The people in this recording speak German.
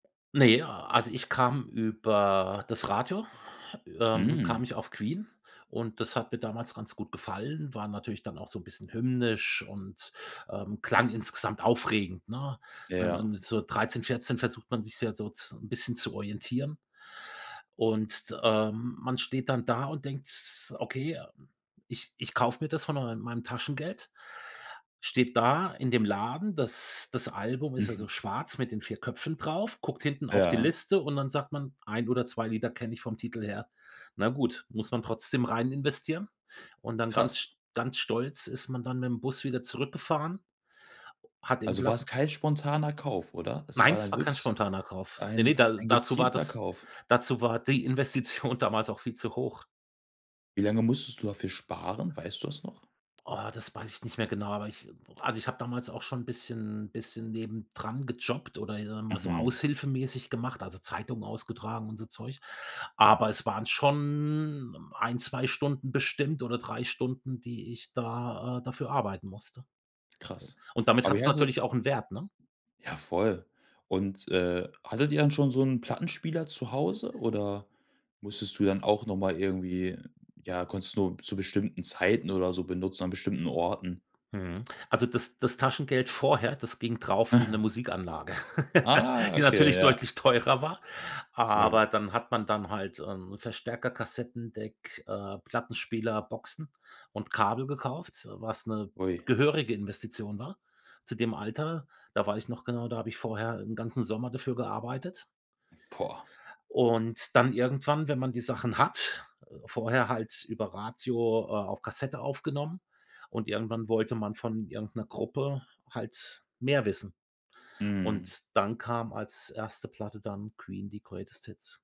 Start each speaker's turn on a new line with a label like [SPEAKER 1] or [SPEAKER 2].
[SPEAKER 1] Ne, ja. Also, ich kam über das Radio ähm, kam
[SPEAKER 2] Hm.
[SPEAKER 1] ich auf Queen. Und das hat mir damals ganz gut gefallen. War natürlich dann auch so 'n bisschen hymnisch und, ähm, klang insgesamt aufregend, ne?
[SPEAKER 2] Ja,
[SPEAKER 1] Wenn
[SPEAKER 2] ja.
[SPEAKER 1] man so 13, 14 versucht man sich ja so zu so 'n bisschen zu orientieren. Und d ähm, man steht dann da und denkt s „Okay, ich ich kaufe mir das von mein meinem Taschengeld.“ Steht da in dem Laden- das das Album ist
[SPEAKER 2] Mhm.
[SPEAKER 1] also schwarz mit den 4 Köpfen drauf- guckt hinten auf die
[SPEAKER 2] Ja.
[SPEAKER 1] Liste und dann sagt man: „1 oder 2 Lieder kenne ich vom Titel her.“ Na gut, muss man trotzdem reininvestieren. Und dann ganz
[SPEAKER 2] Krass.
[SPEAKER 1] st ganz stolz ist man dann mit dem Bus wieder zurückgefahren. Hat im
[SPEAKER 2] Also, war es
[SPEAKER 1] Platten
[SPEAKER 2] kein spontaner Kauf, oder? Es war
[SPEAKER 1] Nein, das
[SPEAKER 2] dann
[SPEAKER 1] war kein
[SPEAKER 2] wirklich
[SPEAKER 1] spontaner Kauf. Ne, ne,
[SPEAKER 2] ein
[SPEAKER 1] da
[SPEAKER 2] ein
[SPEAKER 1] dazu war
[SPEAKER 2] gezielter
[SPEAKER 1] das
[SPEAKER 2] Kauf.
[SPEAKER 1] dazu war die Investition damals auch viel zu hoch.
[SPEAKER 2] Wie lange musstest du dafür sparen? Weißt du das noch?
[SPEAKER 1] Oh, das weiß ich nicht mehr genau, aber ich also, ich habe damals auch schon 'n bisschen 'n bisschen nebendran gejobbt oder, ich sage mal so,
[SPEAKER 2] Mhm.
[SPEAKER 1] aushilfemäßig gemacht, also, Zeitungen ausgetragen und so Zeug. Aber es waren schon 1, 2 Stunden bestimmt oder 3 Stunden, die ich da äh, dafür arbeiten musste.
[SPEAKER 2] Krass.
[SPEAKER 1] Und damit
[SPEAKER 2] Aber ihr
[SPEAKER 1] hat's
[SPEAKER 2] hattet
[SPEAKER 1] natürlich auch 'n Wert, ne?
[SPEAKER 2] Ja, voll. Und, äh, hattet ihr dann schon so 'n Plattenspieler zu Hause oder musstest du dann auch noch mal irgendwie ja, konntest du nur zu bestimmten Zeiten oder so benutzen? An bestimmten Orten?
[SPEAKER 1] Mhm, also, das das Taschengeld vorher, das ging drauf für 'ne Musikanlage,
[SPEAKER 2] Ah,
[SPEAKER 1] die
[SPEAKER 2] okay,
[SPEAKER 1] natürlich
[SPEAKER 2] ja.
[SPEAKER 1] deutlich teurer war.
[SPEAKER 2] Ja, w
[SPEAKER 1] Aber dann hat man dann halt, ähm, Verstärker, Kassettendeck, äh, Plattenspieler, Boxen und Kabel gekauft, was 'ne
[SPEAKER 2] Ui.
[SPEAKER 1] gehörige Investition war zu dem Alter. Da weiß ich noch genau, da habe ich vorher 'n ganzen Sommer dafür gearbeitet.
[SPEAKER 2] Boah!
[SPEAKER 1] Und dann irgendwann, wenn man die Sachen hat äh, vorher halt über Radio, äh, auf Kassette aufgenommen, und irgendwann wollte man von irgend 'ner Gruppe halt mehr wissen. Und
[SPEAKER 2] Mhm.
[SPEAKER 1] dann kam als 1. Platte dann Queen, die „Greatest Hits“.